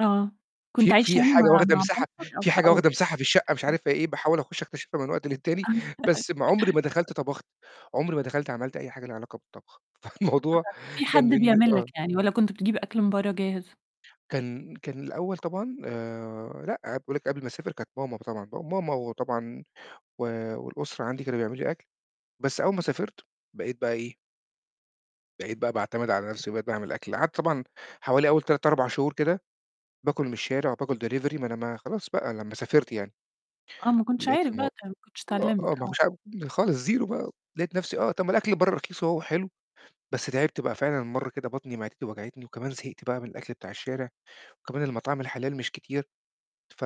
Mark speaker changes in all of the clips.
Speaker 1: آه. كنت
Speaker 2: في
Speaker 1: عايش
Speaker 2: في
Speaker 1: يعني
Speaker 2: حاجة
Speaker 1: مع
Speaker 2: واخدة
Speaker 1: مع
Speaker 2: مساحة
Speaker 1: مامتك أو
Speaker 2: في
Speaker 1: ح
Speaker 2: حاجة
Speaker 1: آه.
Speaker 2: واخدة مساحة في الشقة مش عارف هي إيه، باحاول أخش أكتشفها من وقت للتاني، بس عمري ما دخلت طبخت، عمري ما دخلت عملت أي حاجة ليها علاقة بالطبخ.
Speaker 1: فأنت
Speaker 2: فالموضوع
Speaker 1: كان في حد
Speaker 2: كان بالن
Speaker 1: بيعمل لك
Speaker 2: آه.
Speaker 1: يعني، والَّا كنت بتجيب أكل من برّه جاهز؟
Speaker 2: كان كان الأول طبعًا آآ لأ. باقول لِك قبل ما أسافر كانت ماما طبعًا، ماما وطبعًا و والأسرة عندي كان بيعملوا لي أكل، بس أول ما سافرت بقيت بقى إيه؟ بقيت بقى باعتمد على نفسي، وبقيت باعمل أكل، قعدت طبعًا حوالي أول 3، 4 شهور كده، باكل من الشارع وباكل delivery ما أنا ما خلاص بقى لمّا سافرت يعني.
Speaker 1: آه، ما كنتش
Speaker 2: لقيت
Speaker 1: عارف
Speaker 2: الم
Speaker 1: بقى تعمل، ما كنتش
Speaker 2: آآ،
Speaker 1: اتعلمت،
Speaker 2: آه، ما
Speaker 1: آه.
Speaker 2: كنتش عارف خالص زيرو بقى، لقيت نفسي آه، طَب الأكل برّه رخيص أهو وحلو. بس تعبت بقى، فعلًا مرّة كده بطني معدتي وجعتني وكمان زهقت بقى من الأكل بتاع الشارع، وكمان المطاعم الحلال مش كتير ف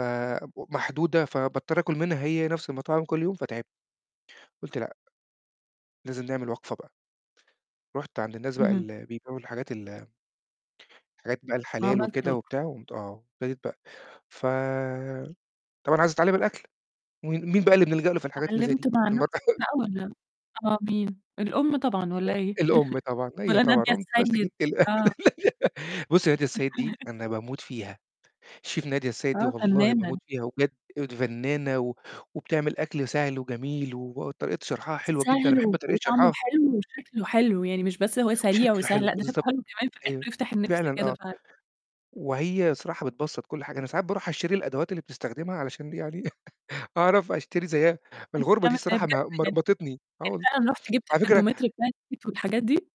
Speaker 2: ومحدودة فباضطر آكل منها هي نفس المطاعم كل يوم فتعبت. قُلت لأ، لازم نعمل وقفة بقى. رُحت عند الناس بقى
Speaker 1: اهم.
Speaker 2: ال بيبعوا الحاجات ال الحاجات بقى الحلال
Speaker 1: وعملت
Speaker 2: وكده
Speaker 1: [unintelligible]
Speaker 2: وبتاع، و قومت آه، أبتديت بقى ف طبعًا عايز أتعلم الأكل، وم مين بقى اللي بنلجأ له في الحاجات اللي زي
Speaker 1: واتعلمت
Speaker 2: دي؟
Speaker 1: مع
Speaker 2: الم
Speaker 1: نفسك بقى والَّا آه، مين؟ الأم طبعًا، والَّا إيه؟
Speaker 2: الأم طبعًا، هي
Speaker 1: والَّا
Speaker 2: طبعًا.
Speaker 1: نادية
Speaker 2: قٌمت ماسك
Speaker 1: السيد؟
Speaker 2: التل
Speaker 1: آه.
Speaker 2: بُص نادية السيد دي أنا باموت فيها. شيف نادية السيد دي
Speaker 1: آه،
Speaker 2: والله باموت
Speaker 1: فنانة.
Speaker 2: فيها، وبجد أيوه فنانة و وبتعمل أكل سهل وجميل وطريقة شرحها حلوة جدًا، أنا
Speaker 1: سهل
Speaker 2: باحب طريقة
Speaker 1: وطعمه
Speaker 2: شرحها.
Speaker 1: حلو وشكله حلو، يعني مش بس إن هو سريع
Speaker 2: وشكله
Speaker 1: وسهل،
Speaker 2: حلو
Speaker 1: لأ، ده شكله
Speaker 2: بالضبط.
Speaker 1: حلو كمان في
Speaker 2: أيوه،
Speaker 1: الآخر يفتح النِفس
Speaker 2: فعلًا،
Speaker 1: كده
Speaker 2: آه.
Speaker 1: فعلًا.
Speaker 2: وهي الصراحة بتبسط كل حاجة. أنا ساعات باروح أشتري الأدوات اللي بتستخدمها علشان يعني أعرف أشتري زيها.
Speaker 1: ده
Speaker 2: الغربة
Speaker 1: أنت
Speaker 2: دي
Speaker 1: ما
Speaker 2: الصراحة
Speaker 1: صدقت
Speaker 2: م
Speaker 1: يعني،
Speaker 2: مرمطتني. آه
Speaker 1: يعني
Speaker 2: والله،
Speaker 1: فعلًا رحت جبت
Speaker 2: على فكرة
Speaker 1: الترمومتر [unintelligible] والحاجات دي؟